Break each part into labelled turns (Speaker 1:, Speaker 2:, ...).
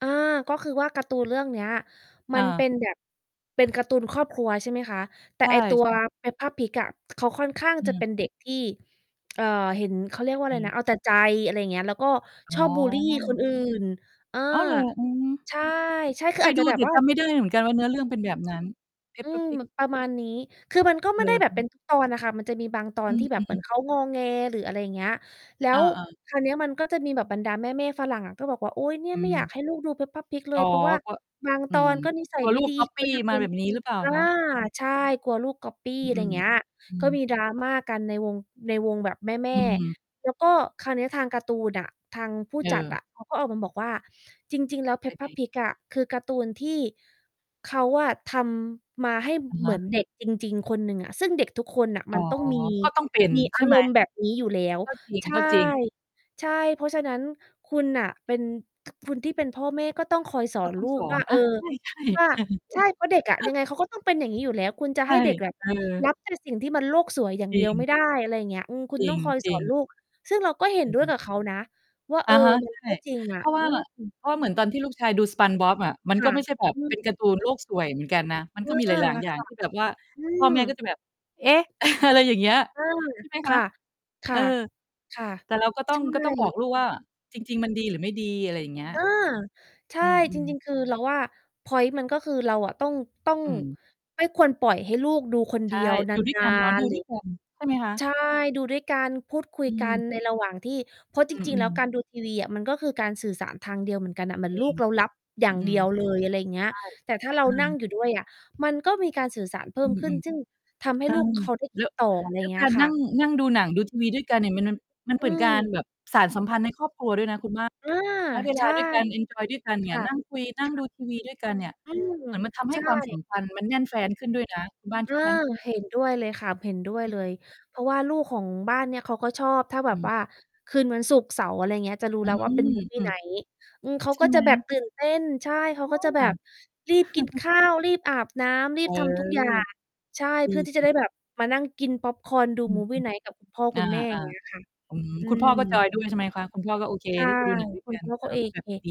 Speaker 1: เออ ก็คือว่าการ์ตูนเรื่องเนี้ย ม
Speaker 2: อ
Speaker 1: ันเป็
Speaker 2: า
Speaker 1: นแบบ เป็นการ์ตูนครอบครัว ใช่ไหมคะ? แต
Speaker 2: ใ
Speaker 1: ่
Speaker 2: ช่
Speaker 1: ไอ้ ตัว
Speaker 2: ใช่
Speaker 1: Peppa Pig อะ เขาค่อนข้าง
Speaker 2: อื
Speaker 1: จะเป
Speaker 2: ม
Speaker 1: ็นเด็กที่ เอ่อ เห็น เขาเรี
Speaker 2: เป
Speaker 1: ยก
Speaker 2: ็น
Speaker 1: ว่าอ
Speaker 2: ไง?
Speaker 1: ะไรนะ เอาแต่ใจ อะไรอย่างเงี้ย แล้วก็
Speaker 2: อ๋
Speaker 1: ช
Speaker 2: อ
Speaker 1: อบบุลลี คนอื่น เออ
Speaker 2: อ้าวเหรอ อือ
Speaker 1: ใช่ ใช่ ค
Speaker 2: เค
Speaker 1: ืออ
Speaker 2: ย
Speaker 1: าจ
Speaker 2: ด
Speaker 1: จ
Speaker 2: ู
Speaker 1: ะแบ
Speaker 2: แต
Speaker 1: บ
Speaker 2: ่
Speaker 1: ว่า
Speaker 2: จำไม่ได้เหมือนกันว่าเนื้อเรื่องเป็นแบบนั้น
Speaker 1: อื
Speaker 2: Peppa
Speaker 1: ม
Speaker 2: Pig
Speaker 1: ม ประมาณนี้ คือมัน ก็ไ
Speaker 2: อื
Speaker 1: ม่ได้
Speaker 2: อ
Speaker 1: แบ
Speaker 2: ฮ
Speaker 1: บเป็
Speaker 2: ึ
Speaker 1: น ทุก ตอนอะค่ะ มันจะมีบางตอ
Speaker 2: อ
Speaker 1: นที
Speaker 2: ื
Speaker 1: ่แบบเหมื
Speaker 2: อ
Speaker 1: อน
Speaker 2: ๆ
Speaker 1: เขางอแง หรืออะไรอย่างเงี้ย แล้
Speaker 2: เอ
Speaker 1: ว
Speaker 2: อ ๆ
Speaker 1: คราวเนี้ยมันก็จะมีแบบบรรดาแม่ ๆ ฝรั่งอะ ก็บอกว่า "โอ๊ย เนี่
Speaker 2: อ
Speaker 1: ย
Speaker 2: ื
Speaker 1: ไม่อยา
Speaker 2: ม
Speaker 1: กให้ลูกดู Peppa Pig เล
Speaker 2: อ๋
Speaker 1: ย
Speaker 2: อ
Speaker 1: เพราะว่า
Speaker 2: ก็
Speaker 1: บาง
Speaker 2: อ
Speaker 1: ต
Speaker 2: ื
Speaker 1: อ
Speaker 2: ม
Speaker 1: นก็นิสั
Speaker 2: กล
Speaker 1: ย
Speaker 2: ัว
Speaker 1: ไม
Speaker 2: ล
Speaker 1: ่
Speaker 2: ูก
Speaker 1: ดี
Speaker 2: ก๊อบ
Speaker 1: กล
Speaker 2: ป
Speaker 1: ั
Speaker 2: ี
Speaker 1: ว
Speaker 2: ้
Speaker 1: จะเ
Speaker 2: ม
Speaker 1: ป
Speaker 2: า
Speaker 1: ็น"
Speaker 2: แบบนี้หรือเปล่า
Speaker 1: อา
Speaker 2: คะ? อือ
Speaker 1: ใช่ กลัวลูกก็อปปี้
Speaker 2: อ อ
Speaker 1: อะไร
Speaker 2: ื
Speaker 1: อย่
Speaker 2: ม
Speaker 1: างเงี้ย
Speaker 2: อื
Speaker 1: ก็
Speaker 2: ม
Speaker 1: มี drama กันในวง ในวงแบบแม
Speaker 2: อ
Speaker 1: ่
Speaker 2: ืม
Speaker 1: ๆ แล้วก็คราวเนี้ยทางการ์ตูนอะ ทางผู้
Speaker 2: เ
Speaker 1: จัด
Speaker 2: ออ
Speaker 1: อะ เขาก็ออกมาบอกว่า จริง ๆ แล้ว
Speaker 2: เป็นไ
Speaker 1: Peppa
Speaker 2: ง?
Speaker 1: Pig อะ คือการ์ตูนที่เขาอะทำมาให้
Speaker 2: อะ
Speaker 1: เ
Speaker 2: ฮ
Speaker 1: หมื
Speaker 2: ะ
Speaker 1: อนเด็กจริง ๆ คนหนึ่งอะ ซึ่งเด็กทุกคนน่ะ
Speaker 2: อ
Speaker 1: ม
Speaker 2: ๋
Speaker 1: ั
Speaker 2: อ
Speaker 1: นต้อง มี
Speaker 2: ก็ต้องเป็น
Speaker 1: มีอ
Speaker 2: ใช
Speaker 1: า
Speaker 2: ่ไห
Speaker 1: ร
Speaker 2: ม?
Speaker 1: มณ์ แบบนี้อยู่แล้ว
Speaker 2: ก็จ
Speaker 1: ใช่
Speaker 2: ริง ๆ
Speaker 1: ใช่ เพราะฉะนั้นคุณน่ะเป็น ค คนที่เป็นพ่อแม่ ก็ต้องคอยสอ
Speaker 2: ก็
Speaker 1: น
Speaker 2: ต้อ
Speaker 1: ลู
Speaker 2: งส
Speaker 1: ก
Speaker 2: อ
Speaker 1: ว่
Speaker 2: น
Speaker 1: า เ
Speaker 2: น
Speaker 1: ออ
Speaker 2: ะ ใช่
Speaker 1: ว่า
Speaker 2: ๆ
Speaker 1: ใช่ เพราะเด็กอะยังไงเขาก็ต้องเป็นอย่างนี้อยู่แล้ว คุณจะ
Speaker 2: ใช
Speaker 1: ให
Speaker 2: ่
Speaker 1: ้เด็กแบบ
Speaker 2: เออ
Speaker 1: รับแต่ สิ่งที่มันโลกสวยอย่าง
Speaker 2: จ
Speaker 1: เ
Speaker 2: ร
Speaker 1: ด
Speaker 2: ิ
Speaker 1: ียวไม
Speaker 2: ง
Speaker 1: ่ได้ อะไรอย่างเงี้ย อืม คุ
Speaker 2: จ
Speaker 1: ณ
Speaker 2: ริ
Speaker 1: ต้อ
Speaker 2: ง
Speaker 1: งคอย
Speaker 2: จ
Speaker 1: ส
Speaker 2: ริ
Speaker 1: อน
Speaker 2: ง
Speaker 1: ลูก ซึ่งเราก็เห็น
Speaker 2: อื
Speaker 1: ด้วย
Speaker 2: ม
Speaker 1: กับเขานะว่า
Speaker 2: อ
Speaker 1: เอ
Speaker 2: ะ
Speaker 1: อ
Speaker 2: ฮะ
Speaker 1: มั
Speaker 2: ใ
Speaker 1: น
Speaker 2: ช่
Speaker 1: ก็จริงอ
Speaker 2: เพ
Speaker 1: ะ
Speaker 2: ราะว่
Speaker 1: อ
Speaker 2: า
Speaker 1: ืม
Speaker 2: เพราะว่าเหมือนตอนที่ลูกชายดู SpongeBob อะ มัน
Speaker 1: ค
Speaker 2: ก็
Speaker 1: ่ะ
Speaker 2: ไม่ใช่แบบ
Speaker 1: อื
Speaker 2: เป็
Speaker 1: อ
Speaker 2: นการ์ตูนโลกสวยเหมือนกันนะ มัน
Speaker 1: อ
Speaker 2: ก็
Speaker 1: า
Speaker 2: มีหลาย ๆ อย
Speaker 1: ค
Speaker 2: ่าง
Speaker 1: ่ะ
Speaker 2: ที่แบบว่า
Speaker 1: อื
Speaker 2: พ่อ
Speaker 1: ม
Speaker 2: แม่ก็จะแบบ เอ๊ะ อะไร อย่างเงี้ย
Speaker 1: อืม
Speaker 2: ใช่ไหม
Speaker 1: ค
Speaker 2: ค
Speaker 1: ่
Speaker 2: ะ?
Speaker 1: ะ ค
Speaker 2: เอ
Speaker 1: ่ะ
Speaker 2: อ
Speaker 1: ค่ะ
Speaker 2: แต่เราก็ต้
Speaker 1: ใ
Speaker 2: อ
Speaker 1: ช
Speaker 2: ง ก็ต้องบอ
Speaker 1: ่
Speaker 2: กลูกว่า จริง ๆ มันดีหรือไม่ดี อะไรอย่างเงี้ย
Speaker 1: เออ ใช่
Speaker 2: อื
Speaker 1: จ
Speaker 2: ม
Speaker 1: ริ
Speaker 2: ๆ
Speaker 1: ง ๆ คือเราว่า พ็อยนต์มันก็คือเราอะ ต้อง ต้อง
Speaker 2: อืม
Speaker 1: ไม่ควรปล่อยให้ลูกดูคน
Speaker 2: ใ
Speaker 1: เ
Speaker 2: ช
Speaker 1: ดี
Speaker 2: ่
Speaker 1: ยว น
Speaker 2: อยู่ด้วยก
Speaker 1: า
Speaker 2: ันเนาะ
Speaker 1: น
Speaker 2: ดู
Speaker 1: ๆ หร
Speaker 2: ด
Speaker 1: ื
Speaker 2: ้ว
Speaker 1: อ
Speaker 2: ยกัน ใช่ไหมคะ?
Speaker 1: ใช่ ดูด้วยกัน พูดคุย
Speaker 2: อื
Speaker 1: กั
Speaker 2: ม
Speaker 1: นในระหว่างที่ เพราะจ
Speaker 2: อื
Speaker 1: ริง ๆ แล้
Speaker 2: อ
Speaker 1: ว
Speaker 2: ๆ
Speaker 1: การดู ทีวี อะ มันก็คือการสื่อสารทางเดียวเหมือนกันน่ะ เหมือ
Speaker 2: จ
Speaker 1: น
Speaker 2: ริ
Speaker 1: ลู
Speaker 2: ง
Speaker 1: กเรารับอย่
Speaker 2: อ
Speaker 1: า
Speaker 2: ื
Speaker 1: งเด
Speaker 2: ม
Speaker 1: ียวเลย อะไรอย่างเงี้
Speaker 2: ใ
Speaker 1: ย
Speaker 2: ช่
Speaker 1: แต่ถ้าเรา
Speaker 2: อื
Speaker 1: นั่ง
Speaker 2: ม
Speaker 1: อยู่ด้วยอะ มันก็มีการสื่อสารเพิ
Speaker 2: อ
Speaker 1: ่
Speaker 2: ื
Speaker 1: มขึ้น
Speaker 2: อ
Speaker 1: ซึ่งทำใ
Speaker 2: ๆ
Speaker 1: ห
Speaker 2: เ
Speaker 1: ้
Speaker 2: ออ
Speaker 1: ลูก เขาได้ค
Speaker 2: แล
Speaker 1: ิ
Speaker 2: ้
Speaker 1: ด
Speaker 2: ว
Speaker 1: ต่อ อะไร
Speaker 2: แล
Speaker 1: อย
Speaker 2: ้
Speaker 1: ่า
Speaker 2: ว
Speaker 1: งเงี
Speaker 2: ก
Speaker 1: ้
Speaker 2: า
Speaker 1: ย
Speaker 2: ร
Speaker 1: ค
Speaker 2: น
Speaker 1: ่
Speaker 2: ั่
Speaker 1: ะ
Speaker 2: ง นั่งดูหนัง ดูทีวีด้วยกันเนี่ย มัน มัน
Speaker 1: อ
Speaker 2: เหม
Speaker 1: ื
Speaker 2: ือนการ
Speaker 1: ม
Speaker 2: แบบสานสัมพันธ์ในครอบครัวด้วยนะคุณบ้าน
Speaker 1: อา
Speaker 2: ใช้เว
Speaker 1: ใ
Speaker 2: ล
Speaker 1: ช
Speaker 2: า
Speaker 1: ่
Speaker 2: ด้วยกัน เอนจอยด้วยกัน
Speaker 1: ค
Speaker 2: เนี่
Speaker 1: ่
Speaker 2: ย
Speaker 1: ะ
Speaker 2: นั่งคุย น
Speaker 1: ค
Speaker 2: ั่ง
Speaker 1: ่ะ
Speaker 2: ดูทีวีด้วยกันเนี่ย
Speaker 1: อืม
Speaker 2: เหมือนมันทำให
Speaker 1: ใช
Speaker 2: ้
Speaker 1: ่
Speaker 2: ความสัมพันธ์มันแน่นแฟ้นขึ้นด้วยนะ คุณบ้าน
Speaker 1: เอ
Speaker 2: ค
Speaker 1: อ
Speaker 2: ิดไหม?
Speaker 1: เห็นด้วยเลยค่ะ เห็นด้วย
Speaker 2: อ
Speaker 1: เล
Speaker 2: ืม
Speaker 1: ย เพราะว่าลูกของบ้านเนี้ย เขาก็ชอบถ้าแบ
Speaker 2: อ
Speaker 1: บ
Speaker 2: ืม
Speaker 1: ว่า คืนวันศุกร์เสาร์ อะไรอย่างเงี้ย จะรู้
Speaker 2: อื
Speaker 1: แล้วว่าเป็น
Speaker 2: ม อ
Speaker 1: movie
Speaker 2: ืม
Speaker 1: night อืม เขา
Speaker 2: ใช่
Speaker 1: ก็
Speaker 2: ไ
Speaker 1: จ
Speaker 2: หม?
Speaker 1: ะแบบตื่นเต้น ใช่ เขาก็จะแบ
Speaker 2: อ
Speaker 1: บ
Speaker 2: า
Speaker 1: รีบกินข้าว รีบอาบน้ำ รี
Speaker 2: เอ
Speaker 1: บ
Speaker 2: อ
Speaker 1: ทำ ทุกอย่าง ใช่
Speaker 2: ด
Speaker 1: เพ
Speaker 2: ี
Speaker 1: ื่อที่จะได
Speaker 2: ๆ
Speaker 1: ้แบบมานั่งกินพ็อปคอร์น ดู
Speaker 2: อืม
Speaker 1: movie night กับคุณพ่อ
Speaker 2: ๆ อ
Speaker 1: คุ
Speaker 2: า
Speaker 1: ณแม่ อย่างเงี้ยค่ะ
Speaker 2: ๆ อืม
Speaker 1: อื
Speaker 2: คุณพ่อก็จ
Speaker 1: ม
Speaker 2: อยด้วยใช่ไหมคะ? คุณพ่อก็โอเค
Speaker 1: ใช่
Speaker 2: ที่จะดูหนังด้วย
Speaker 1: คุ
Speaker 2: ก
Speaker 1: ณ
Speaker 2: ัน
Speaker 1: พ่อเข
Speaker 2: อา
Speaker 1: า
Speaker 2: ว่าแบบ
Speaker 1: AK
Speaker 2: นี้ดี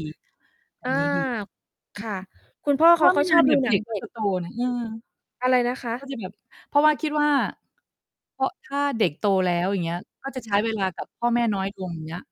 Speaker 2: แบ
Speaker 1: อ
Speaker 2: บ
Speaker 1: า
Speaker 2: นี้ดี อื
Speaker 1: ค่ะ คุณพ่อ
Speaker 2: ม เพรา
Speaker 1: เข
Speaker 2: ะ
Speaker 1: า
Speaker 2: ว่า
Speaker 1: ก
Speaker 2: ไม
Speaker 1: ็
Speaker 2: ่
Speaker 1: ช
Speaker 2: น
Speaker 1: อ
Speaker 2: าน
Speaker 1: บ
Speaker 2: เด
Speaker 1: ดู
Speaker 2: ี๋ยว
Speaker 1: หนั
Speaker 2: เด็
Speaker 1: ง
Speaker 2: ก
Speaker 1: เด
Speaker 2: ก
Speaker 1: ็
Speaker 2: ็จ
Speaker 1: ก
Speaker 2: ะโตนะ เออ
Speaker 1: อะไรนะค
Speaker 2: ก็
Speaker 1: ะ?
Speaker 2: จะแบบ เพราะว่าคิดว่า เพราะถ้าเด็กโตแล้ว อย่างเงี้ย ก็จะ
Speaker 1: ค
Speaker 2: ใช้
Speaker 1: ่ะ
Speaker 2: เวลากับพ่อแม่น้อยลง อย่างเงี้ย